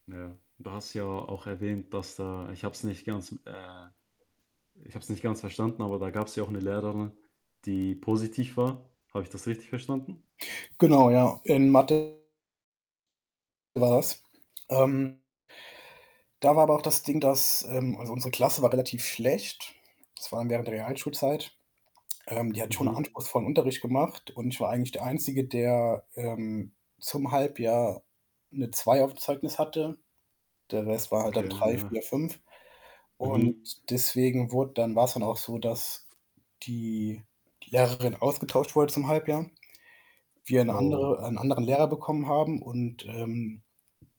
Ja, du hast ja auch erwähnt, dass da ich habe es nicht ganz m äh, ich habe es nicht ganz verstanden, aber da gab's ja auch 'ne Lehrerin, die positiv war. Habe ich das richtig verstanden? Genau, ja, in Mathe war das. Ähm da war aber auch das Ding, dass, ähm also, unsere Klasse war relativ schlecht. Das war während der Realschulzeit. Ähm, die hat schon 'n Mhm. anspruchsvollen Unterricht gemacht und ich war eigentlich der Einzige, der, ähm, zum Halbjahr 'ne 2 auf'm Zeugnis hatte. Der Rest war halt Okay, dann 3, 4, ja. 5 und Mhm. deswegen wurd dann war's dann auch so, dass die Lehrerin ausgetauscht wurde zum Halbjahr, wir 'ne Oh. andere 'n anderen Lehrer bekommen haben und, ähm